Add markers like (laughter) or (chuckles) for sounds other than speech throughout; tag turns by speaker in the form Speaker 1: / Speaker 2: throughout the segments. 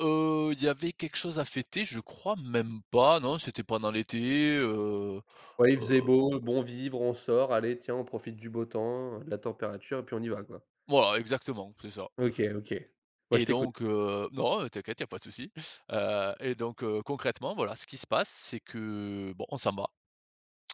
Speaker 1: Heu, il y avait quelque chose à fêter? Je crois même pas, non c'était pendant l'été, heu,
Speaker 2: Ouais il faisait
Speaker 1: heu
Speaker 2: beau, bon vivre, on sort, allez tiens on profite du beau temps, heu, de la température et puis on y va quoi.
Speaker 1: Voilà exactement, c'est ça.
Speaker 2: OK, OK. Ouais, je
Speaker 1: Et
Speaker 2: t'écoute.
Speaker 1: donc, heu non, heu, t'inquiète, il y a pas de souci. Heu et donc heu, concrètement, voilà, ce qui se passe, c'est que bon, on s'en va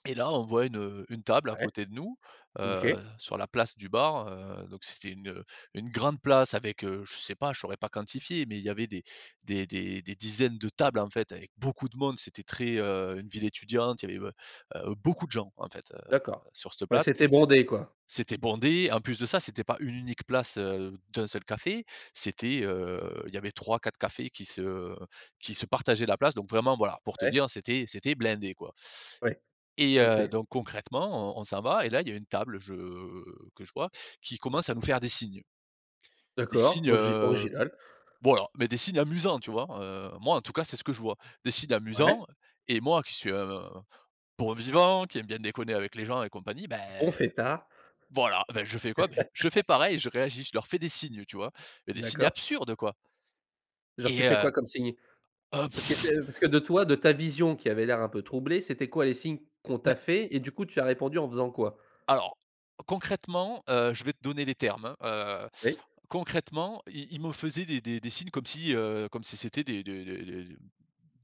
Speaker 1: et là, on voit une, heu, une table à
Speaker 2: Ouais.
Speaker 1: côté de nous, heu,
Speaker 2: OK.
Speaker 1: sur la place du bar. Heu, donc c'était une, heu, une grande place avec, heu, je sais pas, je saurais pas quantifier, mais il y avait des des des dizaines de tables en fait avec beaucoup de monde, c'était très, heu une ville étudiante, il y avait, heu, heu, beaucoup de gens en fait, heu,
Speaker 2: D'accord,
Speaker 1: sur cette
Speaker 2: ouais
Speaker 1: place.
Speaker 2: c'était bondé quoi.
Speaker 1: C'était bondé, en plus de ça c'était pas une unique place, heu, d'1 seul café, c'était, heu, il y avait 3-4 cafés qui se qui se partageaient la place. Donc vraiment, voilà pour te
Speaker 2: Ouais.
Speaker 1: dire c'était c'était blindé quoi
Speaker 2: Ouais,
Speaker 1: et
Speaker 2: OK.
Speaker 1: heu, donc concrètement, on on s'en va et là il y a une table, je que je vois qui commence à nous faire des signes. Des
Speaker 2: D'accord,
Speaker 1: signes,
Speaker 2: ogi
Speaker 1: heu,
Speaker 2: original.
Speaker 1: bon alors, mais des signes amusants tu vois? Heu, moi en tout cas c'est ce que je vois. Des signes
Speaker 2: Ouais.
Speaker 1: amusants et moi qui suis un bon vivant, qui aime bien déconner avec les gens et compagnie,
Speaker 2: Bon
Speaker 1: beh
Speaker 2: fêtard.
Speaker 1: voilà, ben je fais quoi? Beh je fais
Speaker 2: (laughs)
Speaker 1: pareil, je réagis, je leur fais des signes tu vois? Des signes
Speaker 2: D'accord.
Speaker 1: absurdes quoi et
Speaker 2: Genre tu fais quoi
Speaker 1: heu
Speaker 2: comme signe?
Speaker 1: heu
Speaker 2: Parce que
Speaker 1: pff!
Speaker 2: c'est parce que de toi, de ta vision qui avait l'air un peu troublée, c'étaient quoi les signes qu'on
Speaker 1: beh
Speaker 2: t'a fait? Et du coup tu as répondu en faisant quoi?
Speaker 1: alors concrètement, heu, je vais te donner les termes, hein, heu.
Speaker 2: Oui.
Speaker 1: Concrètement, ils ils me faisaient des des des signes comme si, heu, comme si c'était des des des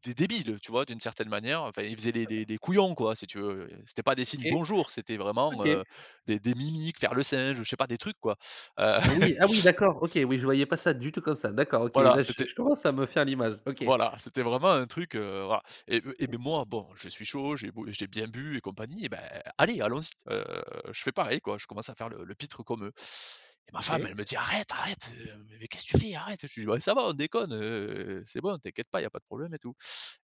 Speaker 1: des débiles, heu, tu vois d'une certaine manière, enfin ils faisaient les les les couillons quoi si tu veux, heu. C'étaient pas des signes
Speaker 2: OK.
Speaker 1: «bonjour», c'était vraiment,
Speaker 2: OK.
Speaker 1: heu, des des mimiques, faire le singe, heu, je sais pas des trucs quoi. Heu
Speaker 2: Ah oui, ah oui,
Speaker 1: (chuckles)
Speaker 2: d'accord OK. Oui, je voyais pas ça du tout comme ça. D'accord, OK.
Speaker 1: Voilà
Speaker 2: Là je
Speaker 1: c'était
Speaker 2: je commence à me faire l'image. OK.
Speaker 1: voilà, c'était vraiment un truc, heu, voilà et heu, et bon moi bon, je suis chaud, j'ai beau j'ai bien bu et compagnie, beh allez allons-y, heu, je fais pareil quoi, je commence à faire le le pitre comme eux et ma femme,
Speaker 2: OK.
Speaker 1: elle me dit: «Arrête, arrête, heu, mais qu'est-ce tu fais arrête!» je lui dis: «Bah, ça va on déconne, heu, c'est bon t'inquiète pas, il y a pas de problème et tout»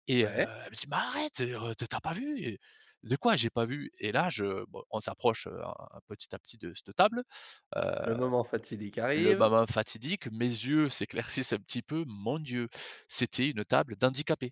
Speaker 1: et heu,
Speaker 2: Ouais.
Speaker 1: elle me dit: «Mais arrête, heu, tu as tu as pas vu?» et «De quoi j'ai pas vu?» et là je bon on s'approche, heu, à à petit à petit de cette table.
Speaker 2: Le
Speaker 1: Heu,
Speaker 2: moment fatidique
Speaker 1: le
Speaker 2: arrive.
Speaker 1: moment fatidique, mes yeux s'éclaircissent un petit peu. Mon Dieu! C'était une table d'handicapés.